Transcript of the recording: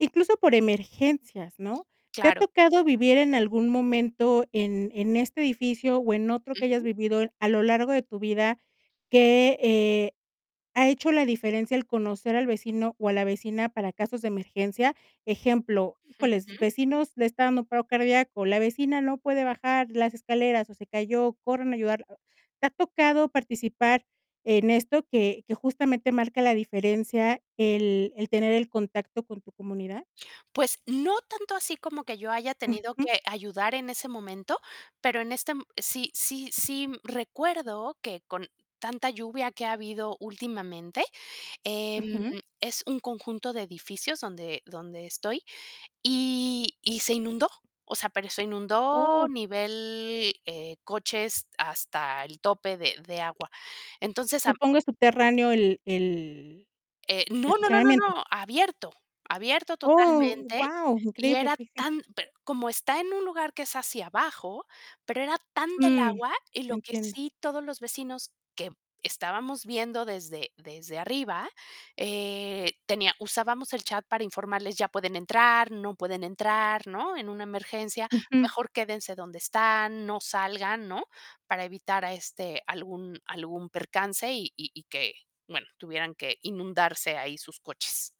Incluso por emergencias, ¿no? ¿Te ha Claro. tocado vivir en algún momento en en este edificio o en otro que hayas Ujú. vivido a lo largo de tu vida que, eh, ha hecho la diferencia el conocer al vecino o a la vecina para casos de emergencia? Ejemplo: "Híjoles, Ujú. vecinos, le está dando un paro cardíaco, la vecina no puede bajar las escaleras, o se cayó, corran a ayudarla". ¿Te ha tocado participar en esto, que que justamente marca la diferencia el el tener el contacto con tu comunidad? Pues no tanto así como que yo haya tenido Ujú. que ayudar en ese momento, pero en este, m sí sí sí recuerdo que con tanta lluvia que ha habido últimamente, em, Ujú. es un conjunto de edificios donde donde estoy, y y se inundó, o sea, pero se inundó Oh. nivel, eh, coches hasta el tope de de agua. Entonces, a m Supongo, es subterráneo el el Eh, no, no, no, no, estacionamiento. no, abierto abierto Oh, totalmente, guau, y increíble, era okey, sí. tan pero como está en un lugar que es hacia abajo, pero era tanta el Mm. agua, y lo que Entiendo. sí, todos los vecinos que estábamos viendo desde desde arriba, eh, tenía usábamos el chat para informarles: "Ya pueden entrar". "No pueden entrar", ¿no? "En una emergencia, Ujú. mejor quédense donde están, no salgan", ¿no? Para evitar, ah, este, algún algún percance y y y que, bueno, tuvieran que inundarse ahí sus coches.